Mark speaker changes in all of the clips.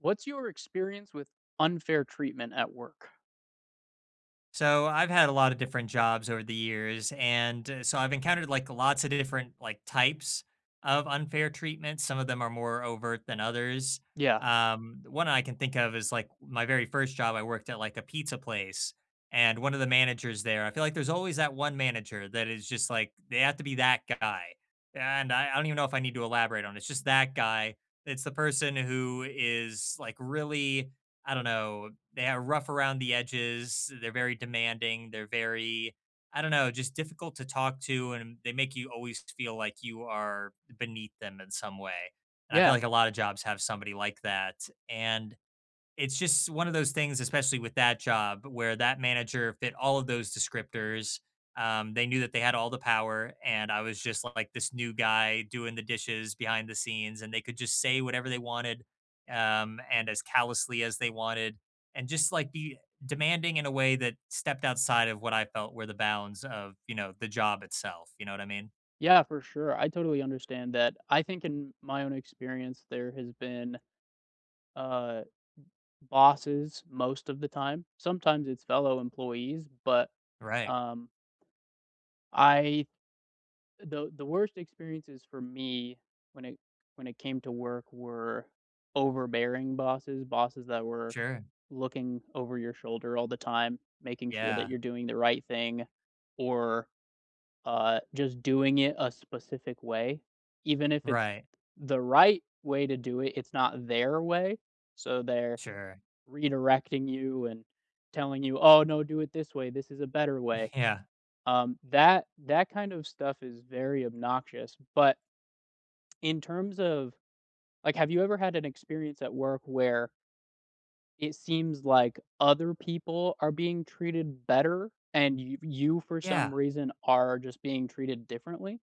Speaker 1: What's your experience with unfair treatment at work?
Speaker 2: So, I've had a lotta different jobs over the years, and so, I've encountered, like, lots a different, like, types of unfair treatments. Some of them are more overt than others.
Speaker 1: Yeah.
Speaker 2: Um, the one that I can think of is, like, my very 1st job, I worked at a pizza place. And one a the managers there I feel like there's always that one manager that is just, like, they have to be that guy. And I I don't even know if I need to elaborate on it. It's just that guy. It's the person who is, like, really, I don't know, they're rough around the edges. They're very demanding. They're very, I don't know, just difficult to talk to, and they make you always feel like you are beneath them in some way. And I feel
Speaker 1: Yeah.
Speaker 2: like a lotta jobs have somebody like that. And it's just one a those things, especially with that job, where that manager fit all of those descriptors. Um, they knew that they had all the power. And I was just, like, this new guy doing the dishes behind the scenes, and they could just say whatever they wanted, um, and as callously as they wanted, and just, like, be demanding in a way that stepped outside of what I felt were the bounds of, you know, the job itself. You know what I mean?
Speaker 1: Yeah, for sure. I totally understand that. I think in my own experience, there has been, uh, b bosses most of the time. Sometimes it's fellow employees. But,
Speaker 2: Right.
Speaker 1: um, I the the worst experiences for me when it when it came to work were overbearing bosses. Bosses that were
Speaker 2: Sure.
Speaker 1: looking over your shoulder all the time, making sure that
Speaker 2: Yeah.
Speaker 1: you're doing the right thing, or, uh, just doing it a specific way. Even if it's
Speaker 2: Right.
Speaker 1: the right way to do it, it's not their way. So, they're
Speaker 2: Sure.
Speaker 1: redirecting you, and telling you, "Oh, no, do it this way. This is a better way."
Speaker 2: Yeah.
Speaker 1: Um, that that kind of stuff is very obnoxious. But in terms of like, have you ever had an experience at work where it seems like other people are being treated better and you you, for some
Speaker 2: Yeah.
Speaker 1: reason, are just being treated differently?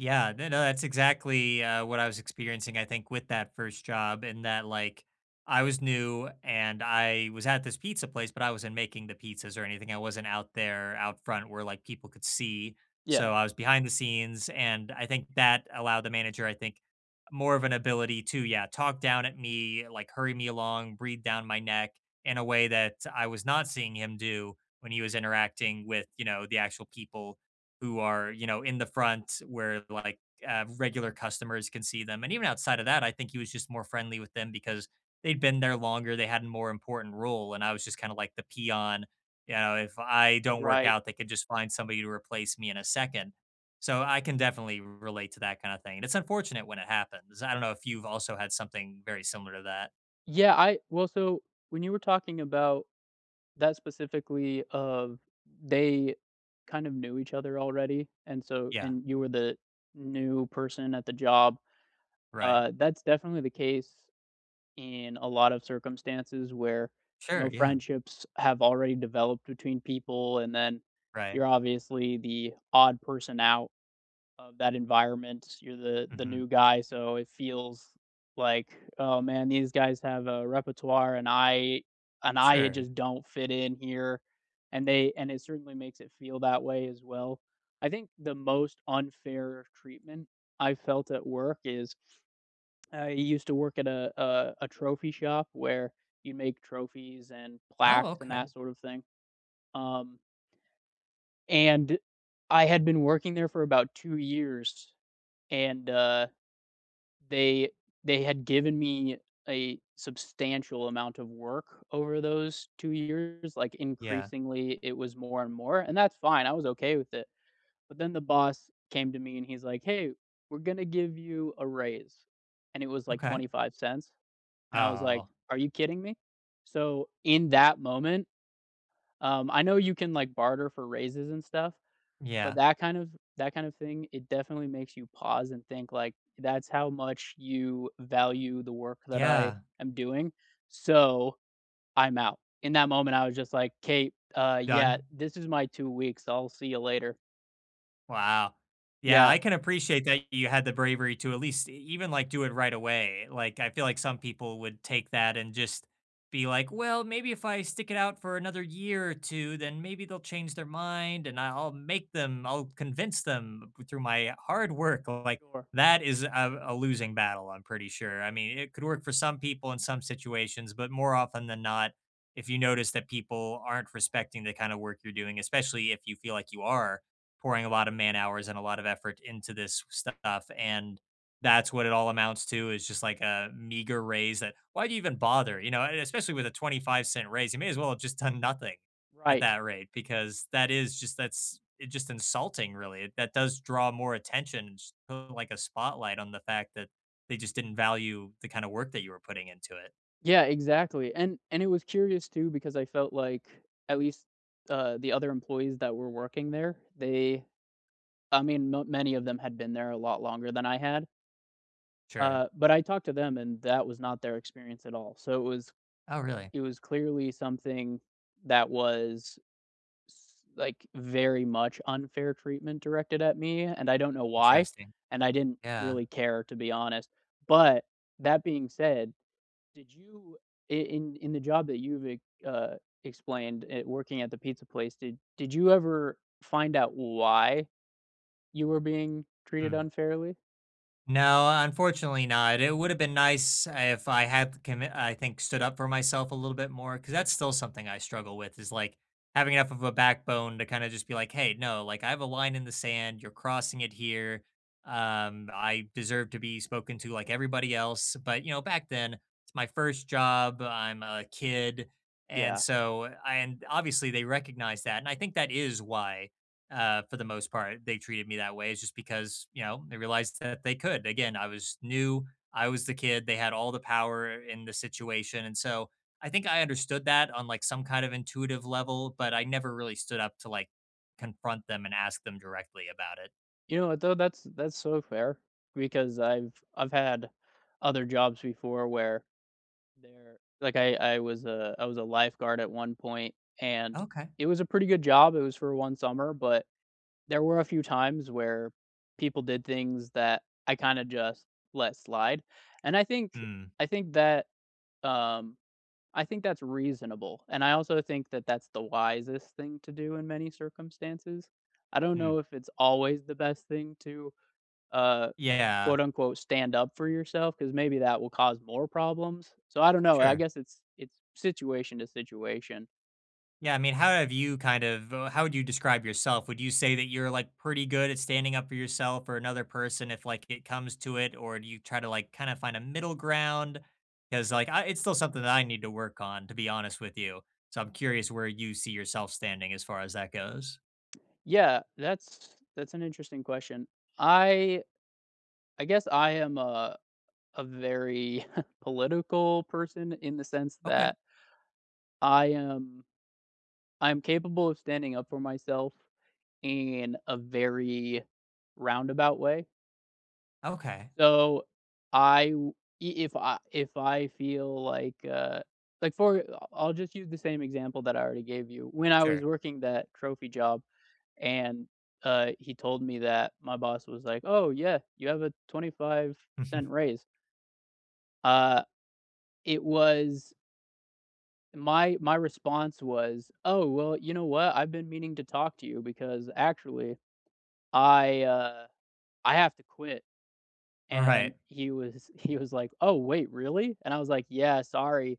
Speaker 2: Yeah, n no that's exactly, uh, what I was experiencing, I think, with that 1st job in that, like, I was new and I was at this pizza place, but I wasn't making the pizzas or anything; I wasn't out there, out front, where, like, people could see,
Speaker 1: Yeah.
Speaker 2: so I was behind the scenes and, I think, that allowed the manager, I think, more of an ability to, yeah, talk down at me, like hurry me along, breathe down my neck in a way that I was not seeing him do when he was interacting with, you know, the actual people who are, you know, in the front where, like, uh, regular customers can see them. And even outside of that, I think he was just more friendly with them because they'd been there longer, they had a more important role. And I was just kind of like the peon. Ya know, if I don't work
Speaker 1: Right.
Speaker 2: out, they could just find somebody to replace me in a second. So, I can definitely r relate to that kind of thing. It's unfortunate when it happens. I don't know if you've also had something very similar to that.
Speaker 1: Yeah, I well, so, when you were talking about that specifically of they kind of knew each other already, and so
Speaker 2: Yeah.
Speaker 1: and you were the new person at the job,
Speaker 2: Right.
Speaker 1: uh, that's definitely the case in a lot of circumstances where, no
Speaker 2: Sure, yeah.
Speaker 1: friendships have already developed between people, and then
Speaker 2: Right.
Speaker 1: you're obviously the odd person out of that environment, you're the the
Speaker 2: Mhm.
Speaker 1: new guy so it feels like, "Oh, man, these guys have a repertoire, and I and I, uh,
Speaker 2: Sure.
Speaker 1: just don't fit in here." And they and it certainly makes it feel that way as well. I think the most unfair treatment I felt at work is I used to work at a a trophy shop where you make trophies and
Speaker 2: Oh,
Speaker 1: plaques and that
Speaker 2: okay.
Speaker 1: sort of thing, um And I had been working there for about 2 years, and, uh, they they had given me a substantial amount of work over those 2 years, like,
Speaker 2: Yeah.
Speaker 1: increasingly, it was more and more, and that's fine I was okay with it. But then the boss came to me, and he's like, "Hey. We're gonna give you a raise". And it was, like,
Speaker 2: Okay.
Speaker 1: 25¢. And I was like,
Speaker 2: Oh.
Speaker 1: "Are you kidding me?" So, in that moment, um, I know you can, like, barter for raises and stuff, but
Speaker 2: Yeah.
Speaker 1: that kind of that kind of thing, it definitely makes you pause and think, like, "That's how much you value the work that I
Speaker 2: Yeah.
Speaker 1: am doing. So, I'm out." In that moment, I was just like, "Kate, uh, yeah,
Speaker 2: Done.
Speaker 1: this is my 2 weeks. I'll see you later."
Speaker 2: Wow. Yeah,
Speaker 1: Yeah.
Speaker 2: I can appreciate that you had the bravery to at least e even, like, do it right away. Like, I feel like some people would take that and just be like, "Well, maybe if I stick it out for another year or two, then maybe they'll change their mind and I I'll make them I'll convince them through my hard work," or like
Speaker 1: Sure.
Speaker 2: That is a a losing battle, I'm pretty sure. I mean, it could work for some people in some situations, but more often than not, if you notice that people aren't respecting the kind of work you're doing, especially if you feel like you are pouring a lot of man-hours and a lot of effort into this stuff and that's what it all amounts to, is just like a meager raise, that Why do you even bother, you know? Uh, especially with a 25¢ raise, you may as well have just done nothing at
Speaker 1: Right.
Speaker 2: that rate, because that is just that's it's just insulting, really. That does draw more attention, just like a spotlight on the fact that they just didn't value the kind of work that you were putting into it.
Speaker 1: Yeah, exactly. And and it was curious too because I felt like, at least, uh, the other employees that were working there, they I mean, not many of them had been there a lot longer than I had.
Speaker 2: Sure.
Speaker 1: Uh, but I talked to them, and that was not their experience at all. So it was
Speaker 2: Oh, really?
Speaker 1: it was clearly something, that was s like, very much unfair treatment directed at me, and I don't know why.
Speaker 2: Interesting.
Speaker 1: And I didn't
Speaker 2: Yeah.
Speaker 1: really care, to be honest. But, that being said, did you in in in the job that you've ex uh, explained at working at the pizza place, did did you ever find out why you were being treated
Speaker 2: Hmm.
Speaker 1: unfairly?
Speaker 2: No, unfortunately not. It would've been nice if I had the commi I think stood up for myself a little bit more 'cause that's still something I struggle with is, like, having enough of a backbone to kinda just be like, "Hey, no, like, I have a line in the sand you're crossing it here. Um, I deserve to be spoken to like everybody else," but, you know, back then, it's my 1st job, I'm a kid, and
Speaker 1: Yeah.
Speaker 2: so and obviously, they recognized that and I think that is why, uh, for the most part, they treated me that way, is just because, you know, they realized that they could. Again, I was new. I was the kid, they had all the power in the situation, and so I think I understood that on, like, some kind of intuitive level, but I never really stood up to, like, confront them and ask them directly about it.
Speaker 1: You know what, though? That's that's sorta fair because I've I've had other jobs before where there like, I I was a I was a lifeguard at one point, and
Speaker 2: Okay.
Speaker 1: it was a pretty good job. It was for 1 summer, but there were a few times where people did things that I kinda just let slide. And, I think
Speaker 2: Mm.
Speaker 1: I think that, um, I think that's reasonable. And I also think that that's the wisest thing to do in many circumstances. I don't know
Speaker 2: Mm.
Speaker 1: if it's always the best thing to, uh,
Speaker 2: Yeah.
Speaker 1: quote, unquote, "stand up for yourself," 'cause maybe that will cause more problems. So I don't know, I
Speaker 2: Sure.
Speaker 1: guess it's it's situation to situation.
Speaker 2: Yeah, I mean, how have you kind of uh, how do you describe yourself? Would you say that you're like pretty good at standing up for yourself or another person if, like, it comes to it? Or do you try to, like, kinda find a middle ground? 'Cause like, I It's still something that I need to work on, to be honest with you. So I'm curious where you see yourself standing as far as that goes.
Speaker 1: Yeah. That's that's an interesting question. I I guess I am a a very political person in the sense
Speaker 2: Okay.
Speaker 1: that I am I'm capable of standing up for myself in a very roundabout way.
Speaker 2: Okay.
Speaker 1: So, I w e if I if I feel like, uh, like for I I'll just use the same example that I already gave you. When I was
Speaker 2: Sure.
Speaker 1: working that trophy job and uh, he told me that my boss was like, “Oh, yeah you have a 25¢
Speaker 2: Mhm.
Speaker 1: raise.” Uh. It was my my response was, “Oh, well, you know what? I've been meaning to talk to you because, actually, I, uh, I have to quit.” And
Speaker 2: Right.
Speaker 1: he was he was like, “Oh, wait really?” And I was like, “Yeah sorry,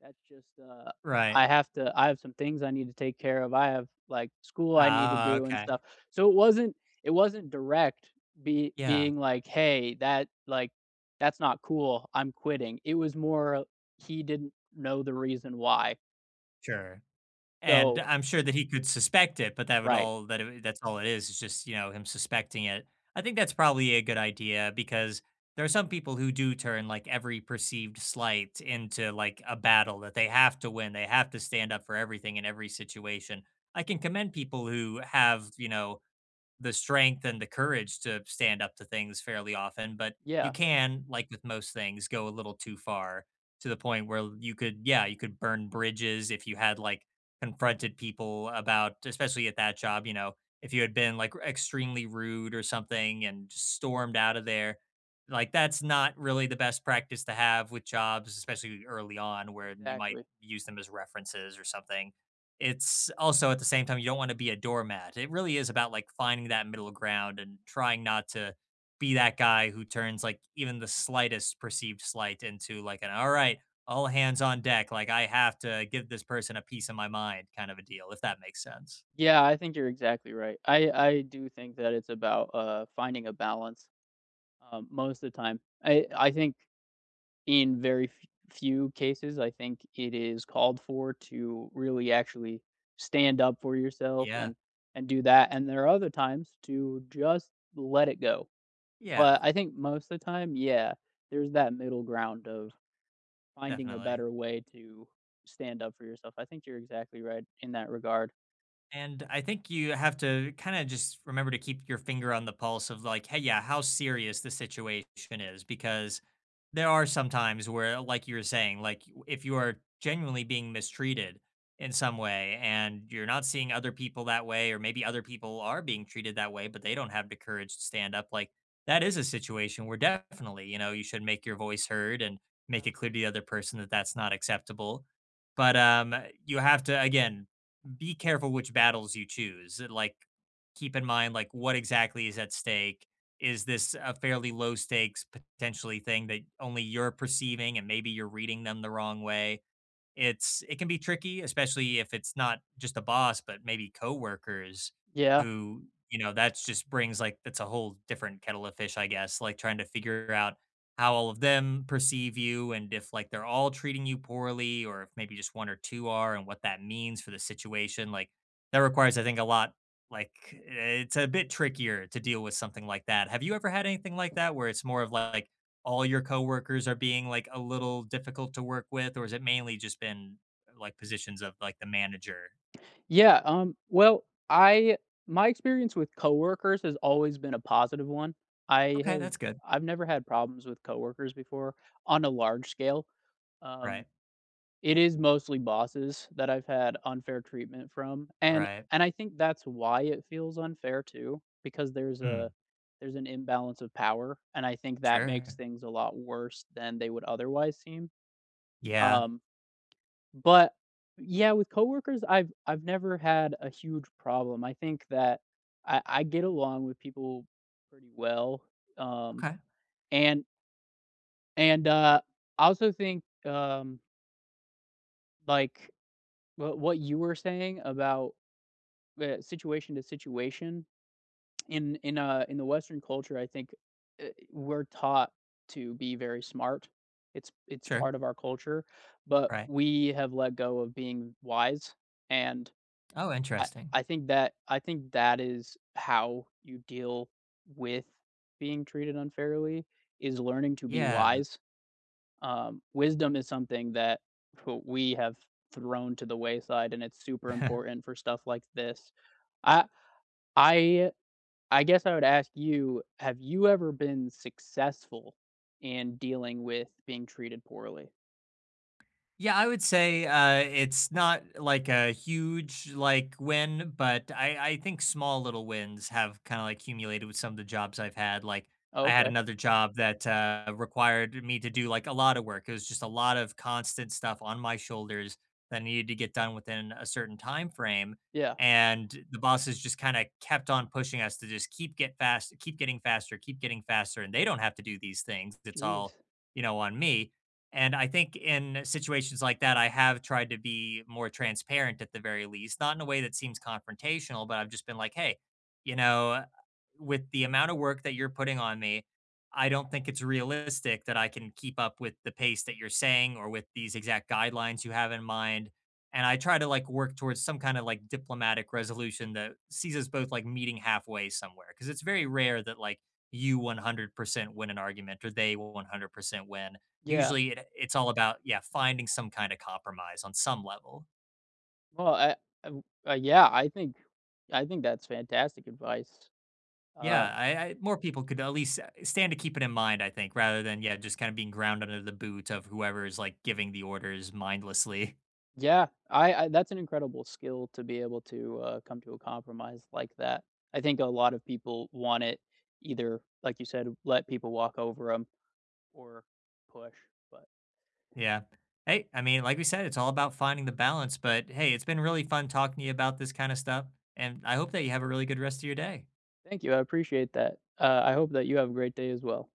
Speaker 1: that's just, uh,
Speaker 2: Right.
Speaker 1: I have to I have some things I need to take care of I have, like, school I need to
Speaker 2: Ah,
Speaker 1: do and
Speaker 2: okay.
Speaker 1: stuff” so it wasn't it wasn't direct be
Speaker 2: Yeah.
Speaker 1: being like, hey that, like that's not cool I'm quitting, it was more he didn't know the reason why.
Speaker 2: Sure, and
Speaker 1: So
Speaker 2: I'm sure that he could suspect it, but that would
Speaker 1: Right.
Speaker 2: all that it w that's all it is. It's just, you know, him suspecting it. I think that's probably a good idea because there are some people who do turn like every perceived slight into like, a battle that they have to win they have to stand up for everything in every situation. I can commend people who have, you know, the strength and the courage to stand up to things fairly often, but you
Speaker 1: Yeah.
Speaker 2: can, like with most things, go a little too far to the point where you could, yeah, you could burn bridges if you had like confronted people about especially at that job, you know if you had been, like, e extremely rude or something and stormed out of there, like, that's not really the best practice to have with jobs, especially early on where you might
Speaker 1: Exactly.
Speaker 2: use them as references or something. It's also, at the same time, you don't want be a doormat. It really is about like finding that middle ground and trying not to be that guy who turns, like, even the slightest perceived slight into an like “all right, all hands on deck, like I have to give this person a piece of my mind” kind of a deal, if that makes sense.
Speaker 1: Yeah, I think you're exactly right I I do think that it's about, uh, finding a balance, uh, most of the time. Eh, I think in very f few cases, I think it is called for to really, actually stand up for yourself
Speaker 2: Yeah.
Speaker 1: and and do that and there are other times to just let it go, but
Speaker 2: Yeah.
Speaker 1: I think most the time, yeah, there's that middle ground of finding a
Speaker 2: Definitely.
Speaker 1: better way to stand up for yourself, I think you're exactly right in that regard.
Speaker 2: And I think you have to kinda just remember to keep your finger on the pulse of, like, hey, yeah, how serious the situation is, because there are some times where, like you were saying, like, you if you are genuinely being mistreated, in some way, and you're not seeing other people that way, or maybe other people are being treated that way, but they don't have the courage to stand up, like That is a situation where, definitely, you know, you should make your voice heard and make it clear the
Speaker 1: Absolutely.
Speaker 2: other person that that's not acceptable. But, um, you have to again, be careful which battles you choose. Like, keep in mind, like, what exactly is at stake, is this a fairly low stakes, potentially, thing that only you're perceiving and maybe you're reading them the wrong way? It's It can be tricky. Especially if it's not just the boss, but maybe coworkers
Speaker 1: Yeah.
Speaker 2: who, you know, that's just brings like that's a whole different kettle of fish, I guess, like, trying to figure out how all of them perceive you and if, like, they're all treating you poorly. Or if maybe just 1 or 2 are and what that means for the situation, like, that requires, I think, a lot like, it's a bit trickier to deal with something like that. Have you ever had anything like that where it's more of like all your coworkers are being, like, a little difficult to work with? Or is it mainly just been, like, positions of, like, the manager?
Speaker 1: Yeah. Um. Well, I my experience with coworkers has always been a positive one. I
Speaker 2: Okay,
Speaker 1: have
Speaker 2: that's good.
Speaker 1: I've never had problems with coworkers before on a large scale. Um,
Speaker 2: Right.
Speaker 1: it is mostly bosses that I've had unfair treatment from. And
Speaker 2: Right.
Speaker 1: and I think that's why it feels unfair too. Because there's a
Speaker 2: Mhm.
Speaker 1: there's an imbalance of power, and I think that makes
Speaker 2: Sure.
Speaker 1: things a lot worse than they would otherwise seem.
Speaker 2: Yeah.
Speaker 1: Um But Yeah, with coworkers, I've I've never had a huge problem. I think that I I get along with people pretty well. Um.
Speaker 2: Okay.
Speaker 1: And and, uh, I also think, um like, wh what you were saying about the situation to situation. In in a in the Western culture, I think, uh, we're taught to be very smart. It's it's
Speaker 2: Sure.
Speaker 1: part of our culture. But
Speaker 2: Right.
Speaker 1: we have let go of being wise. And
Speaker 2: Oh,
Speaker 1: I
Speaker 2: interesting.
Speaker 1: I think that I think that is how you deal with being treated unfairly, is learning to be
Speaker 2: Yeah.
Speaker 1: wise. Um, wisdom is something that wh we have thrown to the wayside, and it's super important for stuff like this. I I I guess I would ask you, have you ever been successful in dealing with being treated poorly?
Speaker 2: Yeah, I would say, uh, it's not, like, a huge, like, win, but I I think small little wins have kinda, like, accumulated with some of the jobs I've had, like,
Speaker 1: Oh,
Speaker 2: I had
Speaker 1: okay.
Speaker 2: another job that, uh, required me to do, like, a lot of work, it was just a lot of constant stuff on my shoulders that needed to get done within a certain timeframe,
Speaker 1: Yeah.
Speaker 2: and the bosses just kinda kept on pushing us to just keep get fast keep getting faster, keep getting faster, and they don't have to do these things, it's all,
Speaker 1: Jeez.
Speaker 2: you know, on me. And I think in situations like that, I have tried to be more transparent, at the very least, not in a way that seems confrontational, but I've just been like, "Hey, you know, with the amount of work that you're putting on me, I don't think it's realistic that I can keep up with the pace that you're saying or with these exact guidelines you have in mind." And I try to, like, work towards some kinda like diplomatic resolution that sees us both, like, meeting halfway somewhere, 'cause it's very rare that, like, you 100% win an argument or they will 100% win.
Speaker 1: Yeah.
Speaker 2: Usually, eh, it's all about yeah, finding some kinda compromise on some level.
Speaker 1: Well, I I w I yeah, I think I think that's fantastic advice. Uh
Speaker 2: Yeah, I I more people could at least, uh, stand to keep it in mind, I think, rather than, yeah, just kinda being ground under the boot of whoever's, like, giving the orders mindlessly.
Speaker 1: Yeah. I I That's an incredible skill to be able to, uh, come to a compromise like that. I think a lot of people want it either, like you said, let people walk over them or push, but
Speaker 2: Yeah. Hey, I mean, like we said, it's all about finding the balance. But hey, it's been really fun talking to you about this kinda stuff, and I hope that you have a really good rest of your day.
Speaker 1: Thank you, I appreciate that. Uh, I hope that you have a great day as well.